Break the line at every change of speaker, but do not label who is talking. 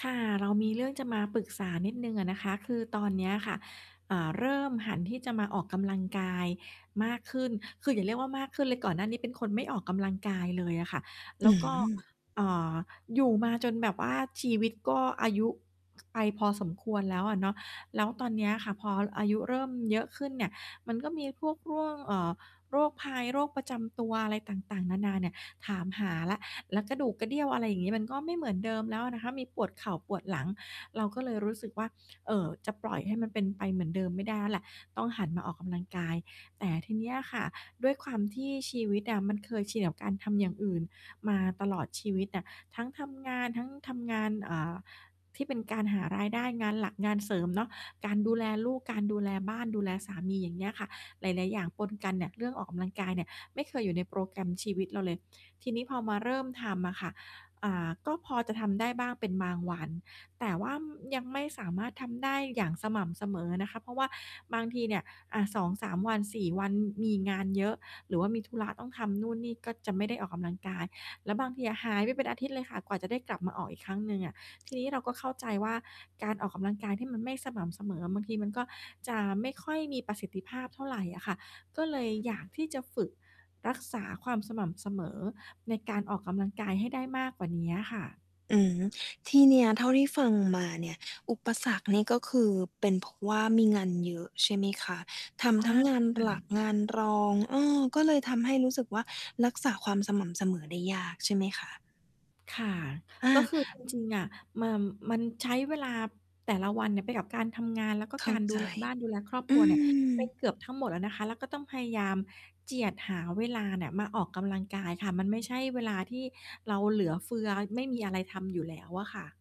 ค่ะ เรามีเรื่องจะมาปรึกษานิดหนึ่งอะนะคะ คือตอนเนี้ยค่ะ อ่า เริ่มหันที่จะมาออกกำลังกายมากขึ้น คืออย่าเรียกว่ามากขึ้นเลย ก่อนหน้านี้เป็นคนไม่ออกกำลังกายเลยอะค่ะ แล
อื
้ว ก็
อ
อ่า อยู่มาจนแบบว่าชีวิตก็อายุ ไปพอสมควรแล้วอะเนาะ แล้วตอนเนี้ยค่ะ พออายุเริ่มเยอะขึ้นเนี่ย มันก็มีพวก ๆ เอ่อ โรคภัย โรคประจำตัวอะไรต่าง ๆ นานาเนี่ยถามหาแล้ว แล้วกระดูกกระเดี้ยว อะไรอย่างงี้ มันก็ไม่เหมือนเดิมแล้วอะนะคะ มีปวดเข่า ปวดหลัง เราก็เลยรู้สึกว่า เอ่อ จะปล่อยให้มันเป็นไปเหมือนเดิมไม่ได้แล้วแหละ ต้องหันมาออกกำลังกาย แต่ทีเนี้ยค่ะ ด้วยความที่ชีวิตอะมันเคยชินกับการทำอย่างอื่นมาตลอดชีวิตอะ ทั้งทำงาน ทั้งทำงาน เอ่อ ที่เป็นการหารายได้ งานหลักงานเสริม เนาะ การดูแลลูก การดูแลบ้าน ดูแลสามี อย่างเงี้ยค่ะ หลาย ๆ อย่างปนกันเนี่ย เรื่องออกกำลังกายเนี่ยไม่เคยอยู่ในโปรแกรมชีวิตเราเลย ทีนี้พอมาเริ่มทำอะค่ะ อ่า ก็พอจะทำได้บ้างเป็นบางวัน แต่ว่า อืม ยังไม่สามารถทำได้อย่างสม่ำเสมอนะคะ เพราะว่าบางทีเนี่ย อะ 2-3 วัน 4 วัน มี มีงานเยอะ หรือว่ามีธุระต้องทำนู่นนี่ ก็จะไม่ได้ออกกำลังกาย แล้วบางทีอะหายไปเป็นอาทิตย์เลยค่ะ กว่าจะได้กลับมาออกอีกครั้งหนึ่งอะ ทีนี้เราก็เข้าใจว่า การออกกำลังกายที่มันไม่สม่ำเสมออะ บางทีมันก็จะไม่ค่อยมีประสิทธิภาพเท่าไรอะค่ะ ก็เลยอยากที่จะฝึกรักษาความสม่ำเสมอในการออกกำลังกายให้ได้มากกว่าเนี้ยอะค่ะ
อืม ที่เนี้ยเท่าที่ฟังมาเนี่ย อุปสรรคเนี่ย ก็คือเป็นเพราะว่ามีงานเยอะใช่ไหมคะ? ท
ใช
ำท
่
ั้งงาน
ค่ะ
หลัก งานรอง เออ ก็เลยทำให้รู้สึกว่า รักษาความสม่ำเสมอได้ยากใช่ไหมคะ?
ค่ะ
อ
ก็
า
คือ จ จริง ๆ อะ มา มันใช้เวลาแต่ละวันเนี่ยไปกับการทำงาน แล้วก็
เข
ก
้า
ารด
ใ
ู
จ
แล บ้าน ดูแลครอบค
อ
รั
ื
วเนี่ย ไป
ม
เกือบทั้งหมดแล้วนะคะ แล้วก็ต้องพยายามเจียดหาเวลาเนี่ยมาออกกำลังกายค่ะ มันไม่ใช่เวลาที่เราเหลือเฟือ ไม่มีอะไรทำอยู่แล้วอะค่ะ